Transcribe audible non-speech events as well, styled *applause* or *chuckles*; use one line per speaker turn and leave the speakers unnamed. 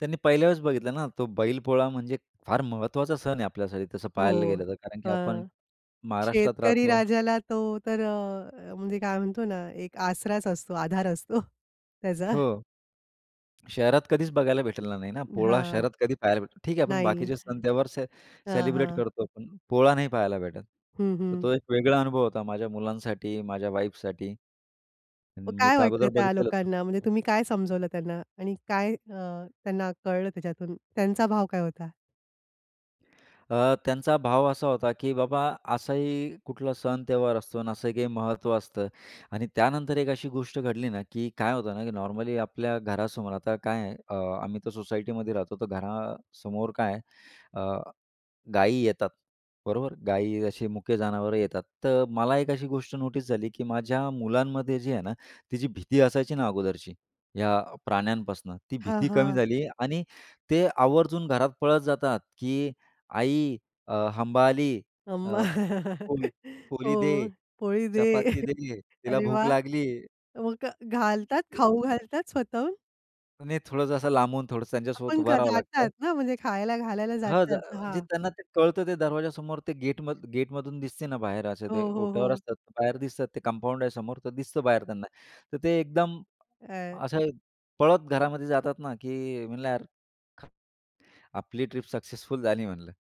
त्यांनी पहिल्या वेळेस बघितलं ना तो बैलपोळा. म्हणजे फार महत्त्वाचा सण आहे आपल्यासाठी तसं पाहायला
हो,
गेलं तर, कारण की आपण
हं.
महाराष्ट्रात
शेतकरी
राहतो.
राजाला तो तर, अ, म्हणजे काय म्हणतो ना, एक आसराच असतो, आधार असतो *chuckles* त्याचा.
हो, शहरात कधीच बघायला भेटलेला नाही ना.
अ,
पोळा
हां,
शहरात कधी पाहायला भेटेल ठीक आहे. आपण
नाही,
बाकीचे सण-त्योहार
हां,
सेलिब्रेट
हां.
करतो आपण, पोळा नाही पाहायला भेटत.
हं,
तर
हं.
तो एक वेगळा अनुभव होता माझ्या मुलांसाठी, माझ्या वाईफसाठी.
मग
मी
काय
तर
वाटलं
अगोदर
त्या
बघितलेलं होतं.
लोकांना? म्हणजे तुम्ही काय समजवलं त्यांना आणि काय, अ, त्यांना कळलं त्याच्यातून? त्यांचा भाव काय होता?
अ, त्यांचा भाव असा होता, की बाबा असाही कुठला सण, त्योहार असतो आणि असं काही महत्त्व असतं. आणि त्यानंतर एक अशी गोष्ट घडली ना, की काय होतं ना, की नॉर्मली आपल्या घरासमोर आता काय आहे, अ, आम्ही तर सोसायटीमध्ये राहतो, तर घरासमोर काय आहे अ, गाई येतात. बरोबर? गाई असे मुके जनावरं येतात. तर मला एक अशी गोष्ट नोटीस झाली, की माझ्या मुलांमध्ये जी आहे ना, तिची भीती असायची ना अगोदरची या प्राण्यांपासून, ती
हां,
भीती कमी
हां.
झाली आणि ते आवर्जून घरात पळत जातात, की आई, अ, हंबा आली.
अं,
अ, पोळी-
*chuckles*
पोळी
हो,
दे,
पोळी दे.
चपाती
*chuckles*
दे. तिला
अरे
भूक
वाह!
लागली.
मग घालतात,
ते.
खाऊ घालतात स्वतःहून?
अ, नही थोडंसं असं लांबून, थोडंसं त्यांच्यासोबत
आपण
उभं
का
राहावं
जातात
लागतं.
ना, म्हणजे खायला घालायला
हं,
जातात,
*unintelligible* म्हणजे
हां.
त्यांना ते कळतं. ते दरवाज्यासमोर, ते गेटम गेटमधून दिसते ना बाहेर, असे ते
हो, हो,
ओट्यावर
हो.
असतात. बाहेर दिसतात ते. कंपाऊंड आहे समोर, तर दिसतं बाहेर त्यांना. तर ते एकदम
अ
असं पळत घरामध्ये जातात ना, की म्हणलं यार आपली ट्रिप सक्सेसफुल झाली म्हणलं.